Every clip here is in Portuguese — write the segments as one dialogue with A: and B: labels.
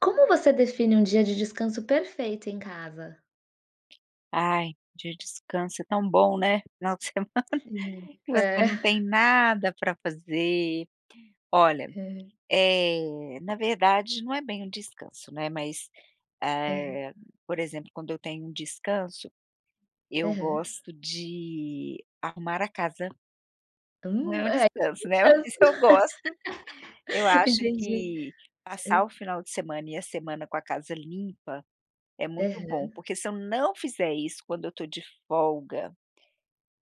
A: Como você define um dia de descanso perfeito em casa?
B: Ai, de descanso é tão bom, né. Final de semana,
A: Sim.
B: que
A: É.
B: você não tem nada pra fazer. Olha,
A: É.
B: eh, na verdade, não é bem um descanso, né. Mas,
A: É.
B: eh, por exemplo, quando eu tenho um descanso, eu
A: Aham.
B: gosto de arrumar a casa. Não é
A: Hum,
B: um
A: é,
B: descanso, né,
A: descanso.
B: mas eu gosto. Eu acho
A: Entendi.
B: que passar
A: Ei
B: o final de semana e a semana com a casa limpa é muito bom,
A: Aham.
B: porque se eu não fizer isso quando eu tô de folga,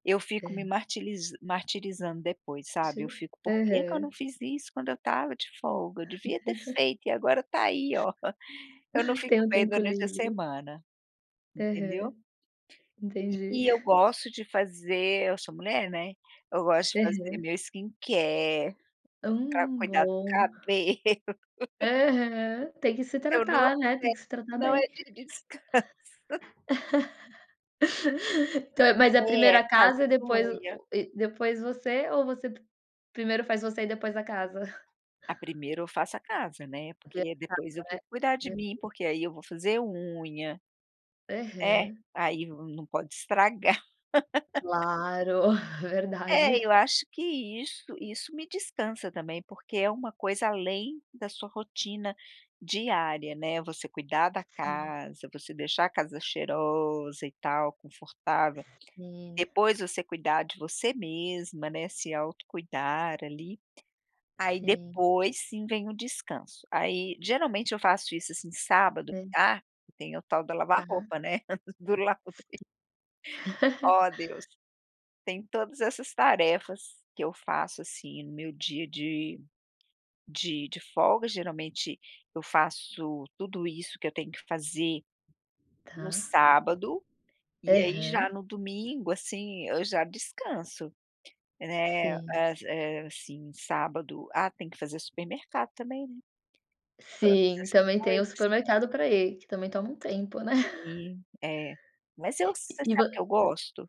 B: eu fico me
A: Hã.
B: martiliz martirizando depois, sabe. Eu
A: Sim.
B: fico: "Por que que eu não
A: Aham.
B: fiz isso quando eu estava de folga? Eu devia ter feito e agora tá aí, ó". Eu não
A: Tem
B: fico
A: um
B: bem
A: tempo
B: durante a
A: livre.
B: semana. Entendeu?
A: Aham.
B: E
A: Entendi.
B: e eu gosto de fazer eu sou mulher, né, eu gosto de fazer
A: Aham.
B: meu skincare, pra
A: Hum,
B: cuidar do
A: bom.
B: cabelo.
A: Aham. Tem que se
B: Eu não
A: tratar,
B: me
A: né. Tem que
B: deito,
A: se tratar
B: não é
A: bem.
B: dia de descanso.
A: Então mas é primeiro
B: É,
A: a casa, e
B: fazendo
A: depois o
B: unha.
A: o e depois você, ou você pr primeiro faz você e depois a casa?
B: Ah, primeiro eu faço a casa, né.
A: Primeiro
B: Porque depois
A: a
B: eu
A: casa, né.
B: vou cuidar de mim,
A: [unintelligible]
B: porque aí eu vou fazer unha. É.
A: Aham.
B: Aí no não pode estragar.
A: Claro,
B: É,
A: verdade!
B: eu acho que isso isso me descansa também, porque é uma coisa além da sua rotina diária, né, você cuidar da
A: Sim.
B: casa, você deixar a casa cheirosa e tal, confortável. E
A: Sim.
B: depois você cuidar de você mesma, né, se autocuidar ali. Aí
A: Sim.
B: depois, sim, vem o descanso. Aí, geralmente, eu faço isso, assim, sábado
A: Hã.
B: ah, e tem o tal da lavar
A: Tá.
B: roupa, né, do laundry. Oh, Deus! Tem todas essas tarefas que eu faço, assim, no meu dia de de de folga. Geralmente, eu faço tudo isso que eu tenho que fazer no
A: Tá.
B: sábado, e aí já
A: Aham.
B: no domingo, assim, eu já descanso. Né,
A: Sim.
B: às eh assim, sábado ah, tem que fazer supermercado também, né. Todas
A: Sim,
B: essas
A: também tem o
B: coisas.
A: supermercado pra ir, que também toma um tempo, né?
B: Sim, é. Mas eu você
A: E vo
B: sabe que eu gosto?